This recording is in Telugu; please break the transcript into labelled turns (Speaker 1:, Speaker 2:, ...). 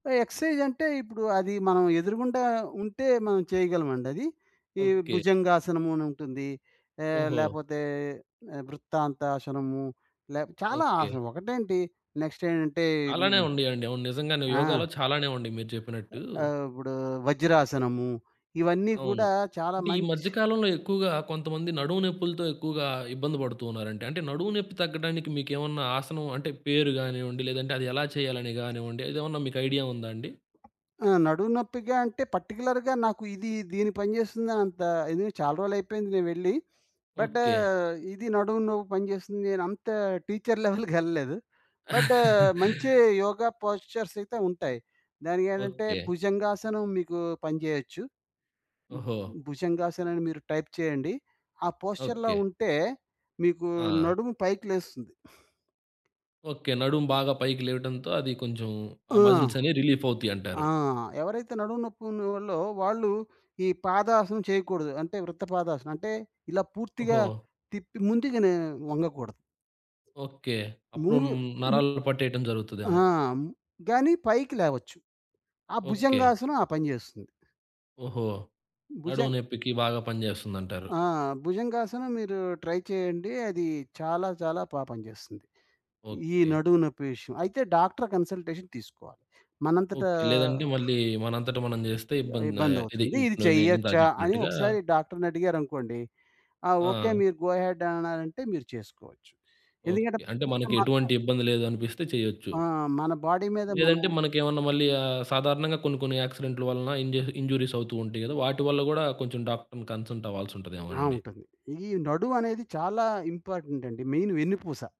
Speaker 1: ఎక్సర్సైజ్ అంటే, ఇప్పుడు అది మనం ఎదురుగుండా ఉంటే, మనం చేయగలమండది. ఈ
Speaker 2: ఓకే.
Speaker 1: భుజంగాసనమునుంటుంది. ఆహ్,
Speaker 2: ఓహో!
Speaker 1: లేపోతే వృత్తాంతాసనము, లే చాలా
Speaker 2: ఓకే.
Speaker 1: ఆసనము ఒకటేంటి, నెక్స్ట్ ఏంటంటే
Speaker 2: చాలానే ఉండియండి. అవును. నిజంగానే
Speaker 1: ఆ!
Speaker 2: యోగాలో చాలానే ఉండి మీరు చెప్పినట్టు.
Speaker 1: ఆ ఆహ్, ఇప్పుడు వజ్రాసనము, ఇవన్నీ
Speaker 2: అవును.
Speaker 1: కూడా చాలా
Speaker 2: అంటే ఈ
Speaker 1: మంచి
Speaker 2: మధ్యకాలంలో ఎక్కువగా కొంతమంది నడుము నొప్పులతో ఎక్కువగా ఇబ్బంది పడుతున్నారండి. అంటే నడుము నొప్పి తగ్గడానికి మీకేమన్నా ఆసనం అంటే పేరు గానివ్వండి, లేదంటే అది ఎలా చేయాలి గానివ్వండి, అదేమన్నా మీకు ఐడియా ఉందా అండి?
Speaker 1: ఆ! నడుము నొప్పిగా అంటే, పార్టిక్యులర్‌గా నాకు ఇది దీని పని చేస్తుందనంత ఇది చాలా రోజులైయిపోయింది నేను వెళ్ళి. But
Speaker 2: okay.
Speaker 1: ఇది నడుము నొప్పి పనిచేస్తుంది నేనంత టీచర్ లెవెల్‌కెళ్ళలేదు. బట్ ఆహ్, మంచి యోగా పోస్చర్స్ అయితే ఉంటాయి. దానికేంటంటే,
Speaker 2: ఓకే.
Speaker 1: భుజంగాసనం మీకు పనిచేయొచ్చు. హ్మ్.
Speaker 2: ఓహో!
Speaker 1: భుజంగాసనం అని మీరు టైప్ చేయండి. ఆ పోస్చర్‌లో
Speaker 2: ఓకే.
Speaker 1: ఉంటే మీకు
Speaker 2: ఆ!
Speaker 1: నడుము పైకి లేస్తుంది.
Speaker 2: ఓకే. నడుము బాగా పైకి లేవటంతో అది కొంచెం ఆ
Speaker 1: ఆ!
Speaker 2: మజిల్స్ అనేవి రిలీఫ్ అవుతాయంటారు.
Speaker 1: ఆ! ఎవరైతే నడుము నొప్పి ఉన్నోళ్లు వాళ్ళు ఈ పాదాసనం చేయకూడదు. అంటే వృత్త పాదాసనం. అంటే ఇలా పూర్తిగా
Speaker 2: ఓహో!
Speaker 1: తిప్పి ముందుగానే వంగకూడదు.
Speaker 2: ఓకే. అప్పుడు
Speaker 1: ముంగు హ్మ్.
Speaker 2: నరాలు పట్టేయటం
Speaker 1: ఆ!
Speaker 2: జరుగుతదేమో.
Speaker 1: గాని పైకి లేవచ్చు. ఆ
Speaker 2: ఓకే.
Speaker 1: భుజంగాసనం ఆ పని జేస్తుంది.
Speaker 2: ఓహో! నడుము
Speaker 1: భుజంగ్
Speaker 2: నొప్పికి బాగా పనిచేస్తుందంటారు.
Speaker 1: ఆ! భుజంగాసనం మీరు ట్రై చేయండి. అది చాలా చాలా బా పని జేస్తుంది. ఈ
Speaker 2: ఓకే.
Speaker 1: నడుము నొప్పి విషయం. అయితే డాక్టర్ కన్సల్టేషన్ తీసుకోవాలి. మనంతటా
Speaker 2: ఓకే. లేదంటే మళ్ళీ మనంతట మనం జెస్తే ఇబ్బంది. ఇది
Speaker 1: ఇబ్బందవుతుంది. ఇది
Speaker 2: నేను ఇందాక
Speaker 1: చెయ్యచ్చా అని
Speaker 2: చెప్పినట్టుగా.
Speaker 1: ఒకసారి డాక్టరుని అడిగారనుకోండి, ఆ! ఓకే.
Speaker 2: ఆ!
Speaker 1: మీరు గో హెడ్ అని అన్నారంటే మీరు చేసుకోవచ్చు. ఎందుకంటే,
Speaker 2: ఓకే. అంటే
Speaker 1: ఇష్టం
Speaker 2: మనకి
Speaker 1: మాత్రే
Speaker 2: ఎటువంటి ఇబ్బంది లేదనిపిస్తే చెయ్యొచ్చు.
Speaker 1: ఆ! మన బాడీ మీద మనం
Speaker 2: లేదంటే మనకేమన్నా మళ్ళీ ఆహ్, సాధారణంగా కొన్ని కొన్ని యాక్సిడెంటులు వలన ఇంజ్యూ ఇంజ్యూరీస్ అవుతూ ఉంటాయి గదా! వాటి వల్ల గూడా కొంచెం డాక్టర్‌ని కన్సల్ట్
Speaker 1: ఆ!
Speaker 2: అవ్వాల్సుంటదేమోనండి.
Speaker 1: ఉంటది. ఈ నడువనేది చాలా ఇంపార్టెంట్ అండి. మెయిన్ వెన్నుపూస.